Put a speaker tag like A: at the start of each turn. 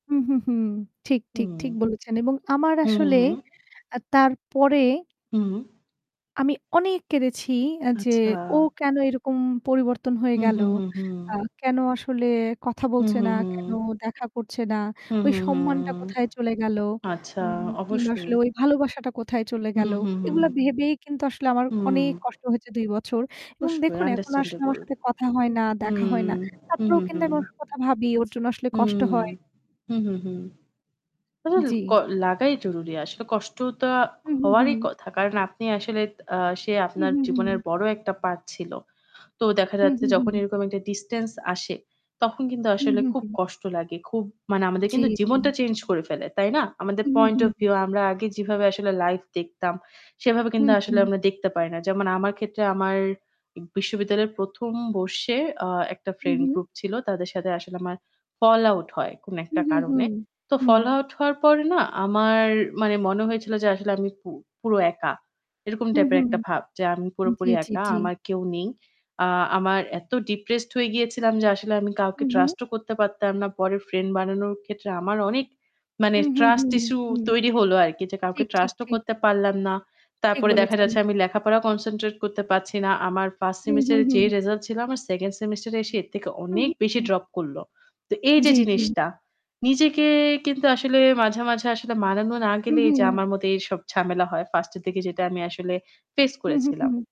A: হু, হু, হু ঠিক, ঠিক, ঠিক
B: হুম।
A: বলেছেন। এবং আমার
B: হুম,
A: আসলে
B: হুম।
A: আ তার পরে
B: হু।
A: আমি অনেক কেঁদেছি আ যে
B: আচ্ছা।
A: ও কেনো এরকম পরিবর্তন হয়ে
B: হুম,
A: গেলো,
B: হুম। হুম, হুম।
A: আ কেনো আসলে কথা
B: হুম,
A: বলছে না,
B: হুম,
A: কেনো
B: হুম।
A: দেখা করছে না
B: হুম,
A: ওই
B: হুম,
A: সম্মানটা
B: হুম।
A: কোথায় চলে গেলো
B: আচ্ছা,
A: উ কিংবা আসলে
B: অবশ্যই।
A: ওই ভালোবাসাটা কোথায় চলে
B: হুম,
A: গেলো
B: হুম, হুম।
A: এগুলো ভেবেই কিন্তু আসলে আমার
B: হুম।
A: অনেক কষ্ট হয়েছে ২ বছর এবং
B: অবশ্যই
A: দেখুন এখন আসলে আমার
B: আন্ডারস্ট্যান্ডেবল।
A: সাথে কথা হয় না,
B: হুম,
A: দেখা হয় না,
B: হুম।
A: তারপরেও
B: হুম,
A: কিন্তু
B: হুম।
A: আমি কথা ভাবি ওর জন্য আসলে
B: হুম,
A: কষ্ট
B: হুম।
A: হয়।
B: হুম, হুম। অ
A: জ্বি।
B: ক লাগাই জরুরি। আসলে কষ্ট তো
A: হুম, হুম,
B: হওয়ারই
A: হুম।
B: কথা। কারণ আপনি আসলে আ সে
A: হুম,
B: আপনার
A: হুম,
B: জীবনের
A: হুম।
B: বড় একটা পার্ট ছিল। তো দেখা
A: হুম,
B: যাচ্ছে
A: হুম,
B: যখন
A: হুম।
B: এরকম একটা ডিসট্যান্স আসে তখন কিন্তু
A: হুম,
B: আসলে
A: হুম,
B: খুব
A: হুম।
B: কষ্ট লাগে। খুব মানে আমাদের
A: জ্বী,
B: কিন্তু
A: জ্বী।
B: জীবনটা চেঞ্জ করে ফেলে। তাই না? আমাদের
A: হুম,
B: পয়েন্ট
A: হুম,
B: ওফ
A: হুম।
B: ভিউ আমরা আগে যেভাবে আসলে লাইভ দেখতাম। সেভাবে
A: হু,
B: কিন্তু আসলে
A: হু।
B: আমরা দেখতে পাই না। যেমন আমার ক্ষেত্রে আমার বিশ্ববিদ্যালয়ের ১ম বর্ষে আ একটা
A: হু,
B: ফ্রেন্ড
A: হু।
B: গ্রুপ ছিল। তাদের সাথে আসলে আমার ফল আউট হয় কোন
A: হুম,
B: একটা
A: হুম। হুম,
B: কারণে। তো
A: হুম।
B: ফল আউট হওয়ার পরে না আমার মানে মনে হয়েছিল যে আসলে আমি পু পুরো একা। এরকম
A: হু,
B: টাইপের
A: হু।
B: একটা ভাব যে আমি পুরোপুরি
A: জ্বি, জ্বি,
B: একা।
A: জ্বি।
B: আমার কেউ নেই। আ আমার এত ডিপ্রেসড হয়ে গিয়েছিলাম যে আসলে আমি কাউকে
A: হুম, হুম।
B: ট্রাস্ট ও করতে পারতাম না। পরের ফ্রেন্ড বানানোর ক্ষেত্রে আমার অনেক মানে
A: হু, হু,
B: ট্রাস্ট ইশ্যু
A: হু।
B: তৈরি হলো আরকি। যে কাউকে
A: ঠিক, ঠিক,
B: ট্রাস্ট ও
A: ঠিক।
B: করতে পারলাম না।
A: ঠিক
B: তারপরে দেখা
A: বলেছেন।
B: যাচ্ছে আমি লেখাপড়া কনসেনট্রেট করতে পারছি না। আমার ফার্স্ট
A: হুম, হুম,
B: সেমেস্টারের
A: হুম।
B: যে রিসাল্ট ছিল আমার সেকেন্ড সেমেস্টার এ এসে এর থেকে
A: হু,
B: অনেক
A: হু,
B: বেশি
A: হু।
B: ড্রপ করল। তো এইযে
A: জ্বী জ্বী।
B: জিনিসটা নিজেকে কিন্তু আসলে মাঝে, মাঝে আসলে মানানো না
A: হু,
B: গেলেই
A: হু।
B: যে আমার মতো এইসব ঝামেলা হয়। 1st এর দিকে যেটা আমি আসলে ফেস
A: হু, হু,
B: করেছিলাম।
A: হু।